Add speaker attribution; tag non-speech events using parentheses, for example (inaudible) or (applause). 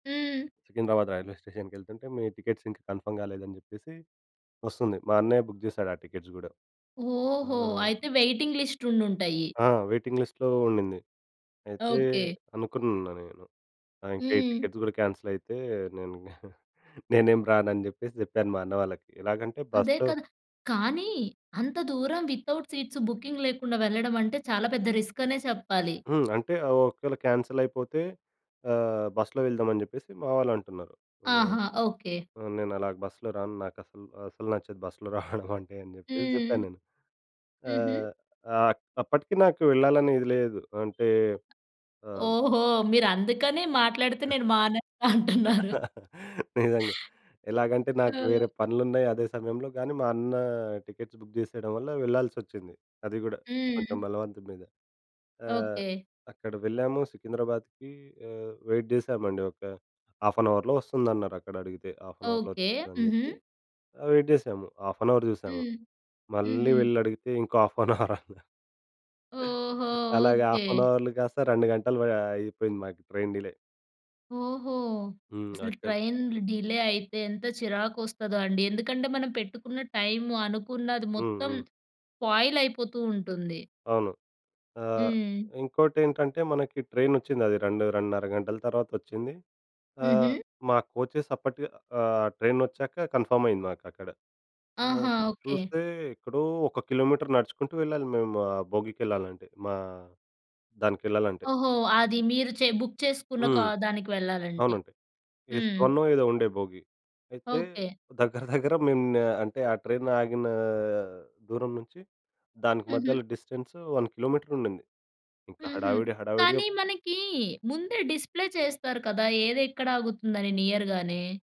Speaker 1: హ్మ్.
Speaker 2: సికింద్రాబాద్ రైల్వే స్టేషన్‌‌కెళ్తుంటే, మీ టికెట్స్ ఇంకా కన్ఫర్మ్ కాలేదని జెప్పేసి ఒస్తుంది. మా అన్నయ్య బుక్ చేసాడు, ఆ టికెట్స్ గూడా. ఆ!
Speaker 1: ఓహో! అయితే వెయిటింగ్ లిస్ట్ ఉండుంటాయి.
Speaker 2: ఆ! వెయిటింగ్ లిస్ట్‌లో ఉండింది. అయితే
Speaker 1: ఓకె.
Speaker 2: అనుకున్న నేను. ఆ! ఇంకా ఈ
Speaker 1: హ్మ్.
Speaker 2: టికెట్స్ గూడా క్యాన్సిలైతే నేనింగ నేనేం రానని జెప్పేసి చెప్పాను మా అన్నవాళ్ళకి ఎలాగంటే
Speaker 1: అదే
Speaker 2: బస్‌లో
Speaker 1: కదా! కానీ అంత దూరం వితౌట్ సీట్స్ బుకింగ్ లేకుండా వెళ్ళడమంటే చాలా పెద్ద రిస్క్ అనే చెప్పాలి.
Speaker 2: హ్మ్. అంటే ఒకవేళ కాన్సెలైపోతే ఆహ్, బస్‌లో ఎళ్దామని జెప్పేసి మా వాళ్ళంటున్నారు. ఆహ్,
Speaker 1: ఆహా! ఓకె.
Speaker 2: ఆహ్, నేనలా బస్‌లో రాను. నాకసలు అసలు నచ్చదు బస్‌లో రావడమంటే అని జెప్పేసి చెప్పాను
Speaker 1: హ్మ్.
Speaker 2: నేను.
Speaker 1: హుహు.
Speaker 2: ఆహ్, ఆహ్ అక్ అప్పటికి నాకు ఎళ్ళాలని ఇది లేదు. అంటే ఆహ్
Speaker 1: ఓహో! మీరందుకని మాట్లాడితే నేను మానేస్తా అంటున్నారు.
Speaker 2: (laughs) నిజంగా. ఎలాగంటే నాకు వేరే పనులున్నాయి అదే సమయంలో. కానీ మా అన్న టికెట్స్ బుక్ చేసేయడం వల్ల వెళ్ళాల్సొచ్చింది. అది గూడా కొంచెం
Speaker 1: హ్మ్.
Speaker 2: బలవంతం మీదే. ఆహ్,
Speaker 1: ఓకె.
Speaker 2: అక్కడ వెళ్ళాము సికింద్రాబాద్‌కి ఆహ్, వెయిట్ చేశామండి. ఒక హాఫ్ అన్ అవర్‌లో ఒస్తుందన్నారక్కడడిగితే హాఫ్ అన్ అవర్‌లో
Speaker 1: ఓకె.
Speaker 2: ఒచ్చేస్తుందని
Speaker 1: హుహు.
Speaker 2: చెప్పి ఆహ్, వెయిట్ చేశాము. హాఫ్ అన్ అవర్ చూసాము.
Speaker 1: హ్మ్.
Speaker 2: మళ్ళీ
Speaker 1: హుహు.
Speaker 2: వెళ్లడిగితే ఇంకో హాఫ్ అన్ అవరన్నారు
Speaker 1: ఓహో!
Speaker 2: అలాగ
Speaker 1: ఓకె.
Speaker 2: హాఫ్ అన్ అవర్‌లు గాస్త 2 గంటలు వ అయిపోయింది మాకు ట్రైన్ డిలే.
Speaker 1: ఓహో!
Speaker 2: హ్మ్.
Speaker 1: అసలు
Speaker 2: అక్కన్
Speaker 1: ట్రైన్‌లు డిలే అయితే ఎంత చిరాకొస్తదో అండి. ఎందుకంటే మనం పెట్టుకున్న టైము, అనుకున్నది
Speaker 2: హ్మ్.
Speaker 1: మొత్తం
Speaker 2: హ్మ్.
Speaker 1: స్పాయిలైపోతూ ఉంటుంది.
Speaker 2: అవును. ఆహ్,
Speaker 1: హ్మ్.
Speaker 2: ఇంకోటేంటంటే మనకి ట్రైనొచ్చిందది 2, 2:30 గంటల తర్వాతొచ్చింది. ఆహ్,
Speaker 1: హుహు.
Speaker 2: మా కోచెస్ అప్పటికే ఆహ్, ట్రైనొచ్చాక కన్ఫర్మ్ అయింది మాకక్కడ. ఆహ్,
Speaker 1: ఆహా! ఓకె.
Speaker 2: చూస్తే ఎక్కడో ఒక కిలోమీటర్ నడుచుకుంటూ వెళ్ళాలి, మేము ఆ భోగికెళ్ళాలంటే మా దానికెళ్ళాలంటే.
Speaker 1: ఓహో! అది మీరు చె బుక్ చేసుకున్న కా
Speaker 2: హ్మ్.
Speaker 1: దానికి వెళ్ళాలంటే.
Speaker 2: అవునండి. ఎస్
Speaker 1: హ్మ్.
Speaker 2: వన్నో ఏదో ఉండే భోగి. అయితే
Speaker 1: ఓకె.
Speaker 2: దగ్గర దగ్గర మేము అంటే ఆ ట్రైన్ ఆగినా దూరం నుంచి దానికి
Speaker 1: హుహు.
Speaker 2: మధ్యలో డిస్టెన్స్ 1 కిలోమీటరుండింది. ఇంకా
Speaker 1: హుహు.
Speaker 2: హడావిడి
Speaker 1: కానీ
Speaker 2: హడావిడిగా
Speaker 1: మనకీ ముందే డిస్‌ప్లే చేస్తారు కదా! ఏదెక్కడాగుతుందని నియర్‌గానే?